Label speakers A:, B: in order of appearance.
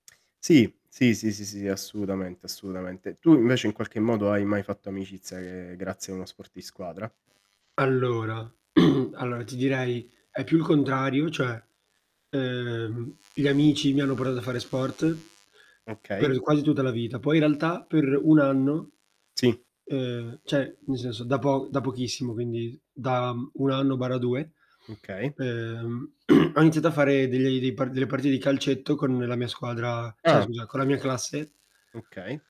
A: Sì, sì, sì, sì, sì assolutamente, assolutamente. Tu invece in qualche modo hai mai fatto amicizia che grazie a uno sport di squadra?
B: Allora allora ti direi: è più il contrario cioè, uhm, gli amici mi hanno portato a fare sport
A: Okay.
B: per quasi tutta la vita, poi in realtà per 1 anno
A: Sì.
B: uhm, cioè, nel senso da po da pochissimo, quindi s da, mhmm, 1 anno/2,
A: Okay.
B: uhm, ho iniziato a fare degli dei parti delle partite di calcetto con la mia squadra cioè,
A: Ah.
B: scusa, con la mia classe
A: Okay.